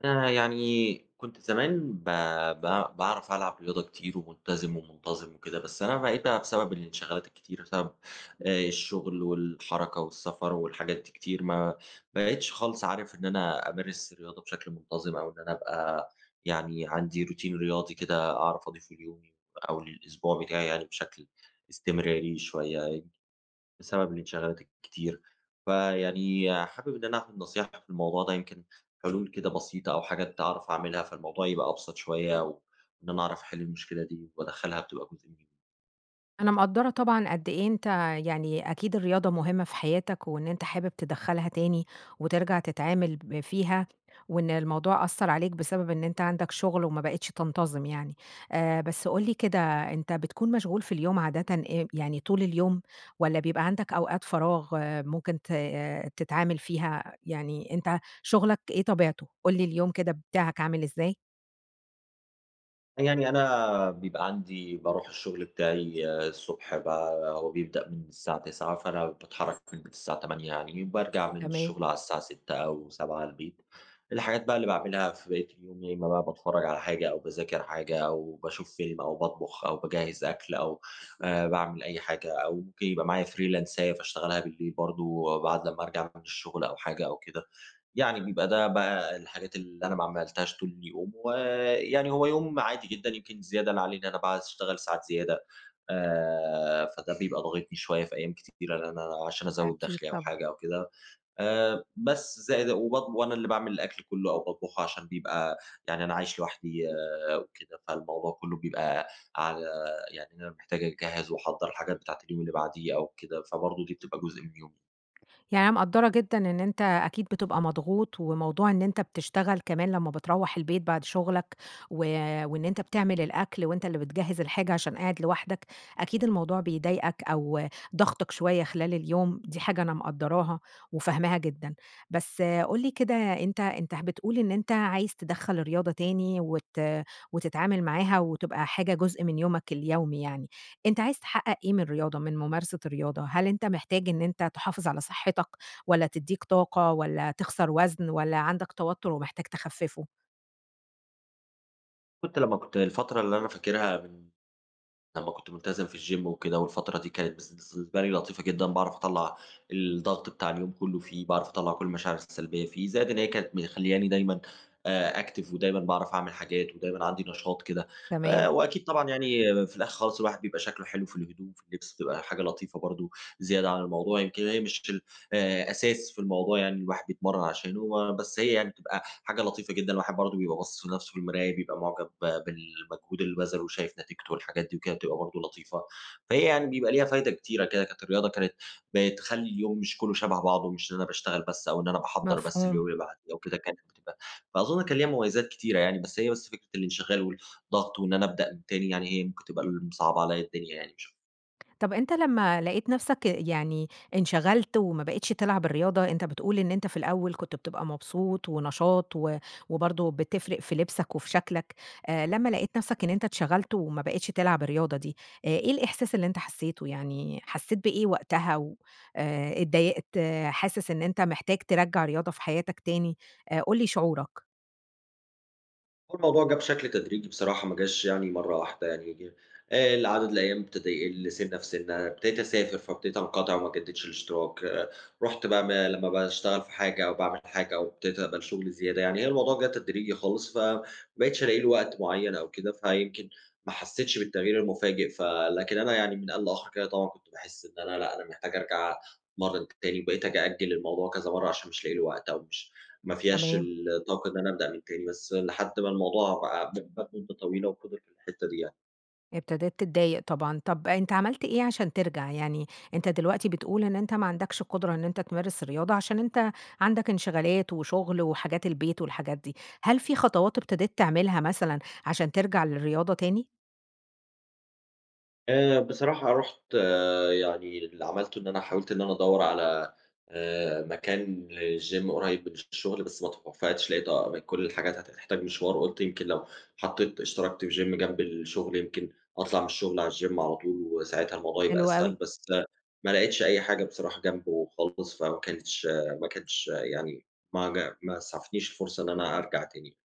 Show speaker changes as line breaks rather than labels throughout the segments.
آآ، يعني كنت زمان با باع باعرف ألعب رياضة كتير وملتزم ومنتظم وكده. بس أنا بقيت بقى بسبب الانشغالات الكتير، بسبب آآ، الشغل والحركة والسفر والحاجات دي كتير، ما بقيتش خالص عارف إن أنا أمارس الرياضة بشكل منتظم أو إن أنا أبقى يعني عندي روتين رياضي كده أعرف أضيفه ليومي أو للاسبوع بتاعي يعني بشكل استمراري شوية، يعني بسبب الانشغالات الكتير. فيعني حابب إن أنا آخد نصيحة في الموضوع ده، يمكن حلول كده بسيطة أو حاجات أعرف أعملها فالموضوع يبقى أبسط شوية، وإن أنا أعرف أحل المشكلة دي وأدخلها بتبقى جزء من يومي.
أنا مقدرة طبعًا قد إيه أنتَ يعني أكيد الرياضة مهمة في حياتَك وإن أنتَ حابب تدخلها تاني وترجع تتعامل ب فيها، وإن الموضوع أثَّرعليك بسبب إن أنتَ عندَك شغل وما بقيتش تنتظم يعني. آآ، بس قل لي كده، أنتَ بتكون مشغول في اليوم عادةً إم يعني طول اليوم والّا بيبقى عندَك أوقات فراغ ممكن ت تتعامل فيها؟ يعني أنتَ شغلَك إيه طبيعته؟ قل لي، اليوم كده بتاعَك عامل إزاي.
يعني أنا بيبقى عندي باروح الشغل بتاعي الصبح ب هو بيبدأ من الساعة 09:00 فأنا باتحرك من الساعة 08:00 يعني، بارجع من
تمام.
الشغل على الساعة 18:00 أو 19:00 البيت. الحاجات بقى اللي باعملها في بقية اليوم يا إما بقى باتفرج على حاجة أو باذاكر حاجة أو باشوف فيلم أو باطبخ أو باجهز أكل أو آآ، باعمل أي حاجة أو ممكن يبقى معايا فريلانساية فاشتغلها بالليل برضه وبعد لما أرجع من الشغل أو حاجة أو كده. يعني بيبقى ده بقى الحاجات اللي أنا ما عملتهاش طول اليوم. ويعني هو يوم عادي جدًا، يمكن الزيادة اللي عليه، إن أنا باقعد أشتغل ساعات زيادة، آآ، فده بيبقى ضاغطني شوية في أيام كتيرة، اللي أنا عشان أزود
أكيد
دخلي أو
طبعًا.
حاجة أو كده، آآ، بس. زائد وباطب وأنا اللي باعمل الأكل كله أو باطبخه عشان بيبقى يعني أنا عايش لوحدي وكده، فالموضوع كله بيبقى على يعني إن أنا محتاج أجهّز وأحضر الحاجات بتاعة اليوم اللي بعديه أو كده، فبرضه دي بتبقى جزء من يومي.
يعني أنا مقدرة جدًا إن أنتَ أكيد بتبقى مضغوط، وموضوع إن أنتَ بتشتغل كمان لما بترَوّح البيت بعد شغلَك و وإن أنتَ بتعمل الأكل وأنتَ اللي بتجهز الحاجة عشان قاعد لوحدك، أكيد الموضوع بيضايقَك أو ضاغطَك شوية خلال اليوم، دي حاجة أنا مقدراها وفاهماها جدًا. بس قل لي كده، أنتَ أنتَ بتقول إن أنتَ عايز تِدخّل الرياضة تاني وت وتتعامل معاها وتبقى حاجة جزء من يومَك اليومي يعني. أنتَ عايز تحقق إيه من الرياضة، من ممارسة الرياضة؟ هل أنتَ محتاج إن أنتَ تحافظ على صحتك والّا تديك طاقة والاّوالّاتخسر وزن والّا عندَك توتر ومحتاج تخففه؟
كنت لمّا كنت هي الفترة اللي أنا فاكرها من لمّا كنت ملتزم في الgym وكده، والفترة دي كانت بالنس بالنسبة لي لطيفة جدًا، باعرف أطلَّع الضغط بتاع اليوم كلّه فيه، باعرف أطلَّع كل المشاعر السلبيّة فيه. زائد إن هي كانت مخليّاني دايمًا، آآ active ودايمًا باعرف أعمل حاجات ودايمًا عندي نشاط كده.
تمام.
آآ، وأكيد طبعًا يعني في الآخر خالص، الواحد بيبقى شكله حلو في الهدوم، في اللبس، بتبقى حاجة لطيفة برضه زيادة علي الموضوع. يمكن هي مش ال آآ أساس في الموضوع يعني الواحد بيتمرن عشانه، آآ، بس هي يعني بتبقى حاجة لطيفة جدًا، الواحد برضه بيبقى باصص لنفسه في المراية، بيبقى معجَب بالمجهود اللي بَذَله وشايف نتيجته والحاجات دي وكده، بتبقى برضه لطيفة. فهي يعني بيبقى ليها فايدة كتيرة كده. كانت الرياضة كانت بتخلّي اليوم مش كلّه شَبَه بعضه، مش إن أنا باشتغل بس أو إن أنا باحضّر بس
مفهوم.
اليوم اللي بعد ده وكده، كانت بتبقى فأظُن كان ليها مميزات كتيرة يعني. بس هي بس فكرة الانشغال والضغط وإن أنا أبدأ من تاني، يعني هي ممكن تبقى اللي مصعّبة عليَّ الدنيا يعني مش
طيب أنتَ لمّا لقيت نفسَك يعني انشغلت وما بقيتش تلعب الرياضة أنتَ بتقول إن أنتَ في الأول كنت بتبقى مبسوط ونشاط، و وبرضه بتفرق في لبسَك وفي شكلَك. آآ، لمّا لقيت نفسَك إن أنتَ اتشغلت وما بقيتش تلعب الرياضة دي، آآ إيه الإحساس اللي أنتَ حسّيته، يعني حسيت بإيه وقتها؟ و آآ اتضايقت حاسس إن أنتَ محتاج ترجّع الرياضة في حياتَك تاني؟ آآ، قل لي شعورك.
هو الموضوع جه بشكل تدريجي بصراحة، ما جاش يعني مرة واحدة يعني. آآ ال عدد الأيام ابتدى يقل سِنّة في سِنّة، ابتديت أسافر فابدتيت أنقطع وما أجددش الاشتراك، آآ رُحت بقى ما لما باشتغل في حاجة أو باعمل في حاجة أو ابتديت أقبل شغل زيادة. يعني هي الموضوع جه تدريجي خالص، فما بقتش ألاقي له وقت معين أو كده، فيمكن ما حسيتش بالتغيير المفاجئ. ف لكن أنا يعني من آن لآخر كده طبعًا كنت باحس إن أنا لأ، أنا محتاج أرجع أتمرن تاني. وبقيت آجي أأجل الموضوع كذا مرّة عشان مش لاقي له وقت أو مش ما فياش
تمام.
الطاقة إن أنا أبدأ من تاني. بس، لحد ما الموضوع بقى م مات مدة طويلة وفضل في الحتة دي يعني.
ابتدت تتضايق طبعًا. طب أنتَ عملت إيه عشان ترجع؟ يعني أنتَ دلوقتي بتقول، إن أنت ما عندكش قدرة إن أنتَ تمارس الرياضة، عشان أنتَ عندك انشغالات وشغل وحاجات البيت والحاجات دي. هل في خطوات ابتديت تعملها مثلًا عشان ترجع للرياضة تاني؟
آآ بصراحة رُحت يعني اللي عملته إن أنا حاولت إن أنا أدوّر على، آآ مكان للgym قريب من الشغل، بس ما اتوفقتش. لقيت أقرب كل الحاجات هت تحتاج مشوار. قلت يمكن لو حطيت اشتركت في الgym جنب الشغل، يمكن أطلَع من الشغل على الgym على طول وساعاتها الموضوع يبقى
حلو أوي.
أسهل. بس لأ، ما لقيتش أي حاجة بصراحة جنبه خالص، فما كانتش ما كانش يعني ما ج ما أسعفتنيش الفرصة إن أنا أرجع تاني.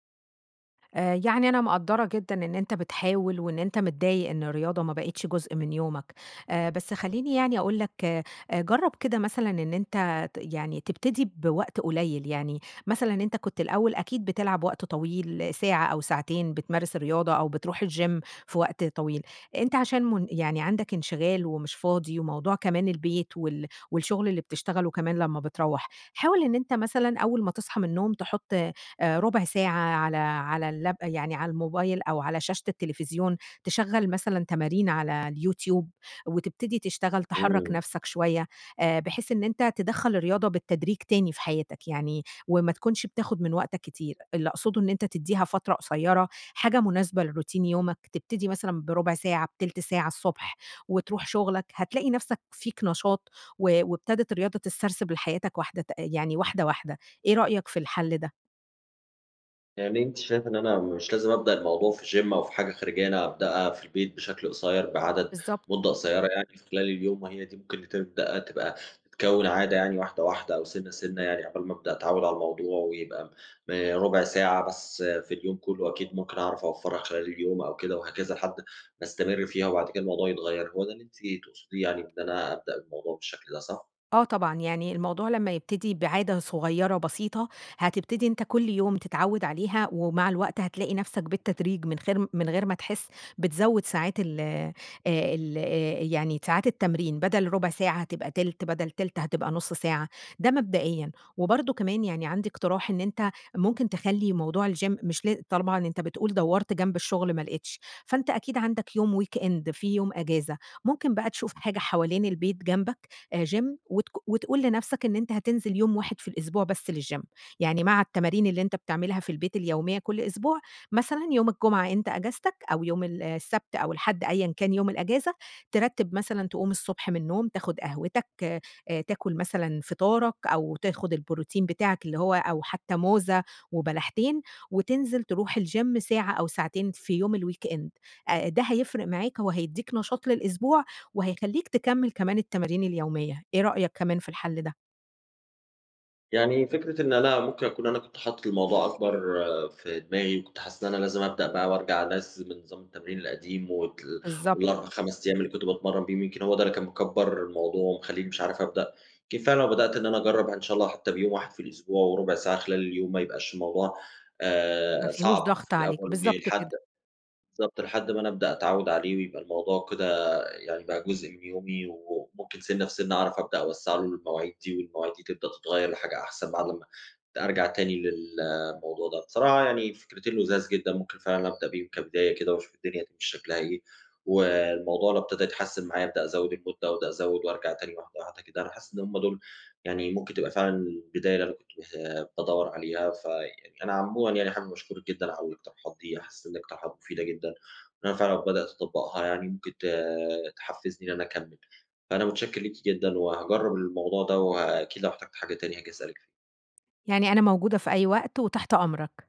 آآ، يعني أنا مقدَّرة جدًا إن أنتَ بتحاول وإن أنتَ متضايق إن الرياضة ما بقتش جزء من يومَك. آآ، بس خلِّيني يعني أقول لَك، آآ جرب كده مثلًا إن أنتَ ت يعني تبتدي بوقت قليل، يعني مثلًا أنتَ كنت الأول أكيد بتلعب وقت طويل ساعة أو ساعتين بتمارس الرياضة أو بتروح الgym في وقت طويل. أنتَ عشان من يعني عندَك انشغال ومش فاضي وموضوع كمان البيت وال والشغل اللي بتشتغَله كمان لما بتروَّح، حاول إن أنتَ مثلًا أول ما تصحى من النوم تحط، آآ رُبع ساعة على على اللاب يعني على الموبايل أو على شاشة التلفزيون، تشغَّل مثلًا تمارين على الYouTube وتبتدي تشتغل، تحرّك
امم.
نفْسك شوية، آآ بحيث إن أنتَ تدخَّل الرياضة بالتدريج تاني في حياتَك يعني، وما تكونش بتاخد من وقتَك كتير. اللي أقصده إن أنتَ تدِّيها فترة قصيرة، حاجة مناسبة لروتين يومَك، تبتدي مثلًا برُبع ساعة، بتلت ساعة الصبح وتروح شُغلَك. هتلاقي نفسك فيك نشاط و وابتدت الرياضة تتسرسب لحياتك واحدة ت يعني واحدة، واحدة. إيه رأيك في الحل ده؟
يعني أنتِ شايفة إن أنا مش لازم أبدأ الموضوع في gym أو في حاجة خارجية، أنا أبدأها في البيت بشكل قصير بعدد
بالضبط.
مُدَّة قصيرة يعني في خلال اليوم. وهي دي ممكن اللي تبدأ تبقى تتكون عادة يعني واحدة، واحدة أو سِنَّة، سِنَّة يعني عقبال ما أبدأ أتعوِّد على الموضوع ويبقى، آآ رُبع ساعة بس في اليوم كله، أكيد ممكن أعرف أوفَّرها خلال اليوم أو كده وهكذا، لحد ما أستمر فيها وبعد كده الموضوع يتغيّر. هو ده اللي أنتِ تقصديه يعني، بإن أنا أبدأ الموضوع بالشكل ده، صح؟
آه طبعًا، يعني الموضوع لما يبتدي بعادة صغيرة بسيطة، هتبتدي أنتَ كل يوم تتعود عليها ومع الوقت هتلاقي نفسَك بالتدريج من خير من غير ما تحس، بتزوِّد ساعات ال آآ ال آآ، يعني ساعات التمرين، بدَل رُبع ساعة هتبقى تِلت، بدل تِلت هتبقى نُص ساعة، ده مبدئيًا. وبرضه كمان يعني عندي اقتراح إن أنتَ ممكن تخلِّي موضوع الgym مش لا طبعًا أنتَ بتقول دوَّرت جنب الشغل ما لقيتش، فأنتَ أكيد عندَك يوم weekend في يوم إجازة، ممكن بقى تشوف حاجة حوالين البيت جنبك، آآ gym وتك وتقول لنفْسَك إن أنتَ هتنزِل يوم واحد في الأسبوع بس للgym يعني مع التمارين اللي أنتَ بتعملها في البيت اليومية كل أسبوع، مثلًا يوم الجمعة أنتَ إجازتك أو يوم ال السبت أو الاحد، أيًا كان يوم الإجازة، ترتّب مثلًا، تقوم الصبح من النوم تاخد قهوتَك، آآ تاكل مثلًا فطارَك أو تاخد البروتين بتاعَك اللي هو أو حتى موزة وبلحتين وتنزِل تروح الgym ساعة أو ساعتين في يوم الweekend آآ، ده هيفرِق معاك وهيدِّيك نشاط للأسبوع وهيخلِّيك تكمّل كمان التمارين اليومية. إيه رأيك كمان في الحل ده؟
يعني فكرة إن أنا ممكن أكون أنا كنت حاطط الموضوع أكبَر في دماغي، وكنت حاسس إن أنا لازم أبدأ بقى وأرجَع أنظم نظام التمرين القديم وتل
بالضبط.
وال4، 5 أيام اللي كنت باتمرن بيهم، يمكِن هو ده اللي كان مكبّر الموضوع ومخليني مش عارف أبدأ. يمكن فعلًا لو بدأت إن أنا أجرب ه إن شاء الله حتّى بيوم واحد في الأسبوع وربع ساعة خلال اليوم، ما يبقاش الموضوع،
ما
آآ
فيهوش
صعب
ضغط
في
عليك،
الأول
بالضبط
ولحد
كده.
بالضبط، لحد ما أنا أبدأ أتعوّد عليه ويبقى الموضوع كده يعني بقى جزء من يومي. و وممكن سِنّة في سِنّة أعرَف أبدأ أوسّع له المواعيد دي، والمواعيد دي تبدأ تتغير لحاجة أحسن بعد أمّا ت أرجَع تاني للموضوع ده. بصراحة يعني فكرتين لُذاذ جدًا، ممكن فعلًا أبدأ بيهم كبداية كده وأشوف الدنيا هتمشي شكلها إيه. والموضوع لو ابتدى يتحسن معايا أبدأ أزوّد المدة وأبدأ أزوّد وأرجَع تاني واحدة، واحدة، كده. أنا حاسس إن هم دُول يعني ممكن تبقى فعلًا البداية اللي أنا كنت ب بادوّر عليها، فيعني أنا عمومًا يعني حابب أشكرِك جدًا على الاقتراحات دي، أنا حاسس الاقتراحات مفيدة جدًا، وأنا فعلًا لو بدأت أطبّقها يعني ممكن ت تحفزني إن أنا أكمّل. فأنا متشكر ليكِ جدًا، وهاجرّب الموضوع ده، وه أكيد لو احتجت حاجة تاني هاجي أسألِك فيها.
يعني أنا موجودة في أي وقت، وتحت أمرَك.